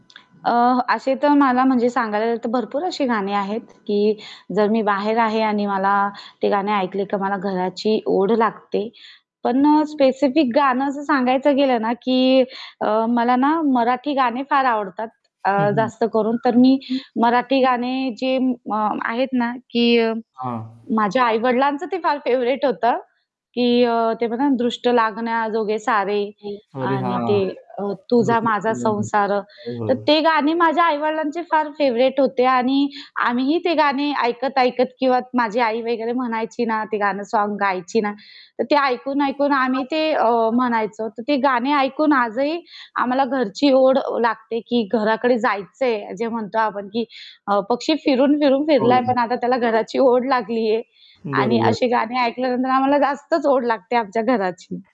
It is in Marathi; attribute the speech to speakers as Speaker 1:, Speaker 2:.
Speaker 1: अ, असे तर मला म्हणजे सांगायला तर भरपूर अशी गाणी आहेत, की जर मी बाहेर आहे आणि मला ते गाणे ऐकले तर मला घराची ओढ लागते. पण अ, स्पेसिफिक गाणं असं सांगायचं गेलं ना, की अ, मला ना, मराठी गाणे फार आवडतात अ,
Speaker 2: हं, हं.
Speaker 1: जास्त करून तर मी मराठी गाणे
Speaker 2: [unintelligible]
Speaker 1: जे अ, म आहेत ना, की
Speaker 2: हां.
Speaker 1: माझ्या आई-वडिलांचं ते फार फेव्हराइट होतं की अ, ते बघा ना, दृष्ट लागण्याजोगे सारे.
Speaker 2: अरे
Speaker 1: आणि ते
Speaker 2: हां.
Speaker 1: अ, तुझा माझा
Speaker 2: [unintelligible]
Speaker 1: संसार.
Speaker 2: हो, हो.
Speaker 1: तर ते गाणे माझ्या आई-वडिलांचे फार फेव्हराइट होते आणि आम्हीही ते गाणे ऐकत, ऐकत किंवा माझी आई वगैरे म्हणायची ना, ते गाणं सोंग गायची ना, तर ते ऐकून, ऐकून आम्ही ते अ, म्हणायचो. तर ते गाणे ऐकून आजही आम्हाला घरची ओढ लागते की घराकडे जायचंय जे म्हणतो आपण की अ, पक्षी फिरून, फिरून
Speaker 2: हो.
Speaker 1: फिरलाय पण आता त्याला घराची ओढ लागलीये आणि अशी
Speaker 2: बरोबर.
Speaker 1: गाणी ऐकल्यानंतर आम्हाला जास्तच ओढ लागते आमच्या घराची.